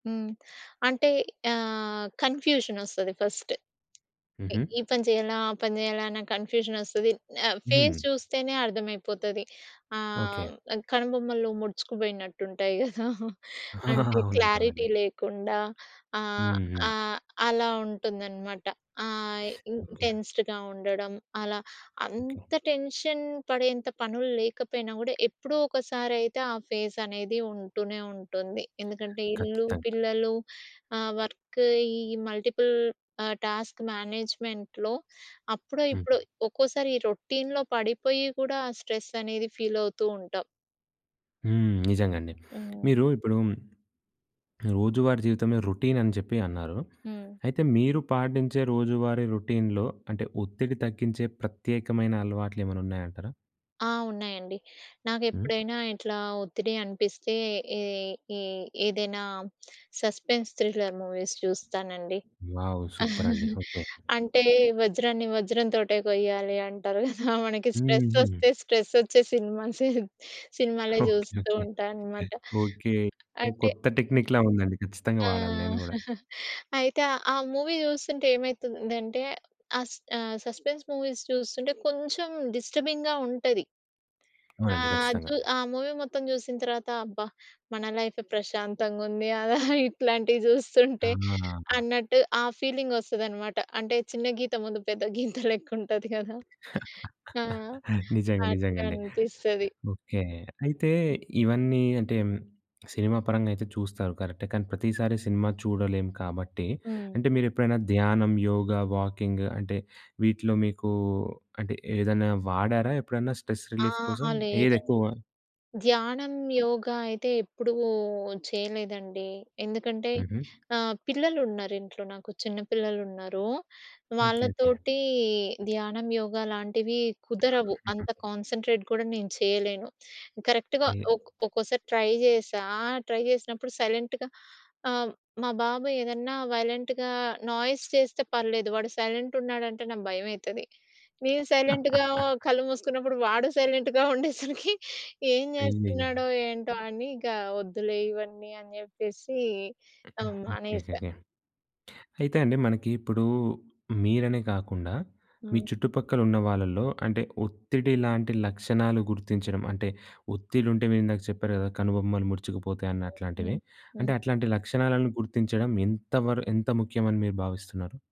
హ్మ్. అంటే ఆహ్, కన్ఫ్యూజనొస్తది ఫస్ట్. ఈ హుహు. ఈ పని చేయాలా? ఆ పని చేయాలా? అన్న కన్ఫ్యూజనొస్తది. ఫేస్ హ్మ్. చూస్తేనే అర్థమైపోతది. ఓకే. ఆహ్, కనుబొమ్మలు ముడుచుకుపోయినట్టుంటాయి గదా! అంటే, అవునండి. క్లారిటీ అవునండి. లేకుండా ఆహ్, హ్మ్. హ్మ్. ఆహ్, అలా ఉంటుందన్నమాట. ఆహ్, ఈ ఓకే. టెన్స్‌డ్‌గా ఉండడం. అలా ఓకే. అంత టెన్షన్ పడేంత పనులు లేకపోయినా గూడా, ఎప్పుడో ఒకసారయితే ఆ ఫేస్ అనేది ఉంటూనే ఉంటుంది. ఎందుకంటే ఇల్లు, కచ్చితంగా. పిల్లలు, ఆహ్, వర్క్, ఈ మల్టిపుల్ ఆహ్, టాస్క్ మేనేజ్మెంట్‌లో అప్పుడో, హ్మ్. ఇప్పుడో ఒక్కోసారి ఈ రొటీన్‌లో పడిపోయి కూడా ఆహ్, స్ట్రెస్ అనేది ఫీలవుతుంటాం. హ్మ్. నిజంగా అండి. హ్మ్. మీరు ఇప్పుడు రోజువారీ జీవితంలో రొటీన్ అని చెప్పి అన్నారు. హ్మ్. అయితే మీరు పాటించే రోజువారీ రొటీన్‌లో అంటే, ఒత్తిడి తగ్గించే ప్రత్యేకమైన అలవాట్లేమైనా ఉన్నాయంటారా? ఆ! ఉన్నాయండి. హ్మ్. నాకెప్పుడైనా ఇట్లా ఒత్తిడి అనిపిస్తే, ఏ ఏ ఏదైనా సస్పెన్స్ థ్రిల్లర్ మూవీస్ చూస్తానండి. వావ్! సూపర్ అండి. ఓకే. అంటే వజ్రాన్ని వజ్రం‌తోటే కొయ్యాలంటారు గదా! మనకి హుహు. స్ట్రెస్సొస్తే, స్ట్రెస్సొచ్చే సినిమాసే, సినిమాలే ఓకే. ఓకే. ఓకే. చూస్తుంటానన్నమాట. ఓకే. అంటే కొత్త టెక్నిక్‌లా ఉందండి. ఖచ్చితంగా ఆ! వాడాలి నేను గూడా. అయితే, ఆ మూవీ చూస్తుంటేమైతుందంటే, అస్ ఆహ్, సస్పెన్స్ మూవీస్ చూస్తుంటే, కొంచెం డిస్టర్బింగ్‌గా ఉంటది. అవునండి. ఆహ్, ఖచ్చితంగా. జూ ఆ మూవీ మొత్తం చూసిన తర్వాత అబ్బా! మన లైఫే ప్రశాంతంగా ఉంది. అలా ఇట్లాంటివి జూస్తుంటే, ఆ! అన్నట్టు ఆ ఫీలింగొస్తదన్నమాట. అంటే చిన్న గీత ముందు పెద్ద గీత లెక్కుంటది కదా! ఆ! నిజంగా. నిజంగా అండి. అట్లనిపిస్తది. ఓకే. అయితే ఇవన్నీ అంటే, సినిమా పరంగా అయితే చూస్తారు కరెక్టే. కానీ ప్రతిసారి సినిమా చూడలేం కాబట్టి, హ్మ్. అంటే మీరెప్పుడైనా ధ్యానం, యోగ, వాకింగ్, అంటే, వీటిలో మీకూ అంటే, ఏదైనా వాడారా ఎప్పుడన్నా? స్ట్రెస్ రిలీఫ్ అహా, కోసం లేదండి. ఏదెక్కువ? ధ్యానం, యోగ అయితే ఎప్పుడూ చేయలేదండి. ఎందుకంటే హుహు. ఆహ్, పిల్లలున్నారింట్లో నాకు. చిన్న పిల్లలున్నారు. ఓకే. ఓకే. వాళ్ళతోటి ధ్యానం, యోగా లాంటివి కుదరవు. అంత కాన్సంట్రేట్ కూడా నేను చేయలేను. కరెక్ట్‌గా ఏ ఒక్కో ఒక్కోసారి ట్రై జేశా. ట్రై జేసినప్పుడు సైలెంట్‌గా ఆహ్, మా బాబు ఏదన్నా వైలెంట్‌గా, నాయిస్ చేస్తే పర్లేదు. వాడు సైలెంటున్నాడంటే నాకు భయమైతది. నేను సైలెంట్‌గా కళ్ళు మూసుకున్నప్పుడు, వాడు సైలెంట్‌గా ఉండేసరికి ఏం అయ్యాయో! చేస్తున్నాడో? ఏంటో? అని ఇగ వద్దులే ఇవన్నీ అని చెప్పేసి ఓకే. ఆహ్, ఓకే. మానేసా. ఓకే. అయితే అండి. మనకి ఇప్పుడు మీరనే కాకుండా, మీ హ్మ్. చుట్టుపక్కల ఉన్న వాళ్ళలో అంటే, ఒత్తిడి లాంటి లక్షణాలు గుర్తించడం అంటే, ఒత్తిడుంటే మీరిందాక చెప్పారు కదా! కనుబొమ్మలు ముడుచుకుపోతాయి అన్నట్లాంటివి. హ్మ్. హ్మ్. అంటే అట్లాంటి లక్షణాలను గుర్తించడం ఎంత వర ఎంత ముఖ్యమని మీరు భావిస్తున్నారు?